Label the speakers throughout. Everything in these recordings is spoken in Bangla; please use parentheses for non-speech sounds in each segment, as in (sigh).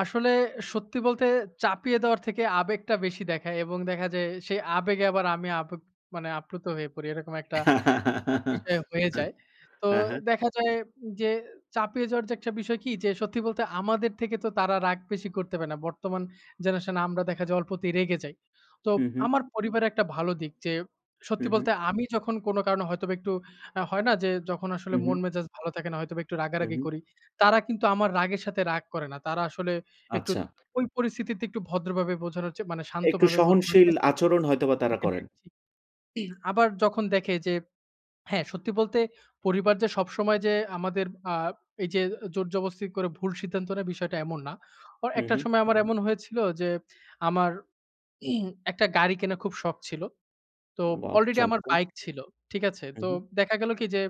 Speaker 1: আসলে সত্যি বলতে, চাপিয়ে দেওয়ার থেকে আবেগটা বেশি দেখায় এবং দেখা যে, সেই আবেগে আবার আমি আবেপ মানে আপ্লুত হয়ে পড়ি, এরকম একটা
Speaker 2: (laughs)
Speaker 1: বিষয় হয়ে যায়। তো
Speaker 2: হ্যাঁ, হ্যাঁ।
Speaker 1: দেখা যায় যে, চাপিয়ে যাওয়ার যে, একটা বিষয় কি? যে, সত্যি বলতে আমাদের থেকে তো তারা রাগ বেশি করতে পারে না। বর্তমান জেনারেশন এ আমরা দেখা যায় অল্পতেই রেগে যাই। তো
Speaker 2: হু, হুম।
Speaker 1: আমার পরিবারে একটা ভালো দিক যে,
Speaker 2: হু,
Speaker 1: সত্যি
Speaker 2: হুম।
Speaker 1: বলতে আমি যখন কোন কারণে হয়তোবা একটু আ হয় না? যে, যখন
Speaker 2: হু,
Speaker 1: আসলে
Speaker 2: হুম।
Speaker 1: মন মেজাজ ভালো থাকে না, হয়তোবা একটু
Speaker 2: হু,
Speaker 1: রাগারাগি
Speaker 2: হুম।
Speaker 1: করি। তারা কিন্তু আমার রাগের সাথে রাগ করে না। তারা আসলে একটু
Speaker 2: আচ্ছা।
Speaker 1: ওই পরিস্থিতিতে একটু ভদ্রভাবে বোঝানো হচ্ছে, মানে
Speaker 2: একটু
Speaker 1: শান্তভাবে বোঝানোর
Speaker 2: সহনশীল
Speaker 1: চেষ্টা করে
Speaker 2: আচরণ হয়তোবা তারা
Speaker 1: হ্যাঁ,
Speaker 2: করেন।
Speaker 1: জি। (clears throat) আবার যখন দেখে যে, হ্যাঁ, সত্যি বলতে পরিবার যে, সবসময় যে, আমাদের আ এই যে, জোর জবস্থিত করে ভুল সিদ্ধান্ত নেয়, বিষয়টা এমন না।
Speaker 2: হুম,
Speaker 1: একটা
Speaker 2: হুম।
Speaker 1: সময় আমার এমন হয়েছিল যে, আমার, (clears throat) একটা গাড়ি কেনার খুব শখ ছিল। তো
Speaker 2: ওয়াও!
Speaker 1: আলরেডি আমার
Speaker 2: চমৎকার!
Speaker 1: বাইক ছিল। ঠিক আছে?
Speaker 2: হু,
Speaker 1: তো
Speaker 2: হুম।
Speaker 1: দেখা গেল কি? যে,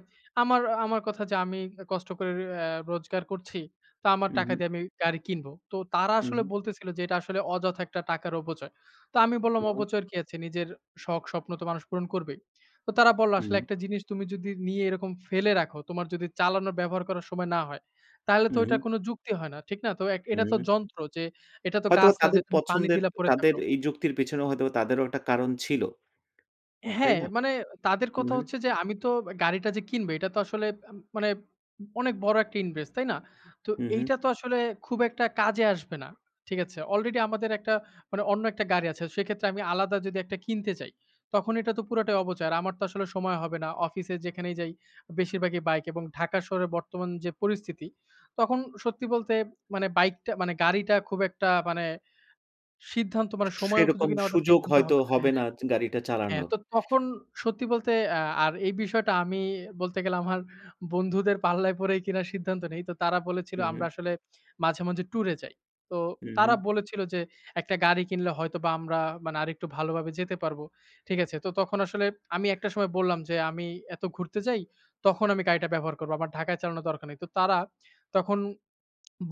Speaker 1: আমার, আমার কথা যে, "আমি কষ্ট করে অ্যা রোজগার করছি, তো আমার
Speaker 2: হু,
Speaker 1: টাকা
Speaker 2: হুম।
Speaker 1: দিয়ে আমি গাড়ি কিনব।" তো তারা
Speaker 2: হু,
Speaker 1: আসলে
Speaker 2: হুম।
Speaker 1: বলতেছিল যে, "এটা আসলে অযথা একটা টাকার অপচয়।" তো আমি বললাম,
Speaker 2: না।
Speaker 1: "অপচয়ের কি আছে? নিজের শখ, স্বপ্ন তো মানুষ পূরণ করবেই।" তো তারা বলল, "আসলে
Speaker 2: হুম।
Speaker 1: একটা জিনিস তুমি যদি নিয়ে এরকম ফেলে রাখো, তোমার যদি চালানো ব্যবহার করার সময় না হয়, তাহলে তো ওইটা
Speaker 2: হুম।
Speaker 1: কোনো যুক্তি হয় না। ঠিক না? তো এক এটা তো
Speaker 2: হুম।
Speaker 1: যন্ত্র যে, এটা তো
Speaker 2: হয়তোবা
Speaker 1: গাছ না যে,
Speaker 2: তাদের
Speaker 1: তুমি পানি
Speaker 2: পছন্দের,
Speaker 1: দিলা পড়ে
Speaker 2: তাদের
Speaker 1: থাকো"
Speaker 2: এই যুক্তির পেছনেও হয়তোবা তাদেরও একটা কারণ ছিল। তাই
Speaker 1: হ্যাঁ,
Speaker 2: না?
Speaker 1: মানে তাদের
Speaker 2: হু,
Speaker 1: কথা
Speaker 2: হুম।
Speaker 1: হচ্ছে যে, আমি তো গাড়িটা যে, কিনবে এটা তো আসলে, মা মানে অনেক বড় একটা ইনভেস্ট, তাই না? তো
Speaker 2: হুম, হুম।
Speaker 1: এইটা তো আসলে খুব একটা কাজে আসবে না। ঠিক আছে? আলরেডি আমাদের একটা, মানে অন্য একটা গাড়ি আছে, সেক্ষেত্রে আমি আলাদা যদি একটা কিনতে চাই, তখন এটা তো পুরাটাই অপচয়। আমার তো আসলে সময় হবে না, অফিসে, যেখানেই যাই বেশিরভাগই বাইক এবং ঢাকা শহরের বর্তমান যে, পরিস্থিতি, তখন সত্যি বলতে মানে বাইকটা, মানে গাড়িটা খুব একটা মানে সিদ্ধান্ত, মানে সময়
Speaker 2: সেরকম
Speaker 1: উপযোগী নেওয়াটা
Speaker 2: সুযোগ
Speaker 1: সিদ্ধান্ত
Speaker 2: হয়তো
Speaker 1: হবে না
Speaker 2: হবে না,
Speaker 1: হ্যাঁ,
Speaker 2: গাড়িটা
Speaker 1: হ্যাঁ।
Speaker 2: চালানোর।
Speaker 1: তো তখন সত্যি বলতে এ আর এই বিষয়টা আমি বলতে গেলে আমার বন্ধুদের পাল্লায় পরে কিনার সিদ্ধান্ত নেই। তো তারা বলেছিল,
Speaker 2: হু,
Speaker 1: আমরা
Speaker 2: হুম।
Speaker 1: আসলে মাঝে, মাঝে টুরে যাই। তো
Speaker 2: হু,
Speaker 1: তারা
Speaker 2: হুম।
Speaker 1: বলেছিল যে, "একটা গাড়ি কিনলে হয়তোবা আমরা মানে, আরেকটু ভালোভাবে যেতে পারব।" ঠিক আছে? তো তখন আসলে আমি একটা সময় বললাম যে, "আমি এত ঘুরতে যাই, তখন আমি গাড়িটা ব্যবহার করব। আমার ঢাকায় চালানোর দরকার নেই।" তো তারা তখন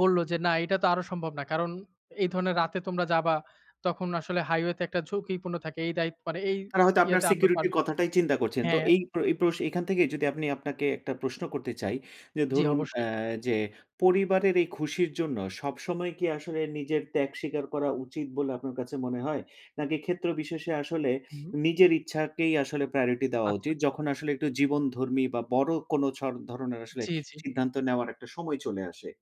Speaker 1: বলল যে, "না, এটা তো আরো সম্ভব না। কারণ এই ধরণের রাতে তোমরা যাবা, তখন আসলে হাইওয়ে তে একটা ঝুঁকিপূর্ণ থাকে। এই দায়িত্ব মানে এই
Speaker 2: তারা হয়তো আপনার
Speaker 1: ইয়েতে আমরা
Speaker 2: সিকিউরিটি র
Speaker 1: পারমিস"
Speaker 2: কথাটাই চিন্তা করছেন। তো
Speaker 1: হ্যাঁ।
Speaker 2: এই প্র এই প্র এখান থেকে যদি আপনি, আপনাকে একটা প্রশ্ন করতে চাই। যে,
Speaker 1: জ্বি,
Speaker 2: ধরুন,
Speaker 1: অবশ্যই।
Speaker 2: অ্যা যে, পরিবারের এই খুশির জন্য, সবসময় কি আসলে নিজের ত্যাগ স্বীকার করা উচিত বলে, আপনার কাছে মনে হয়? নাকি ক্ষেত্র বিশেষে আসলে,
Speaker 1: হুম।
Speaker 2: নিজের ইচ্ছাকেই আসলে প্রায়োরিটি দেওয়া
Speaker 1: আচ্ছা।
Speaker 2: উচিত, যখন আসলে একটু জীবনধর্মী বা বড় কোন ছর ধরনের আসলে
Speaker 1: জি, জি।
Speaker 2: সিদ্ধান্ত নেওয়ার একটা সময় চলে আসে?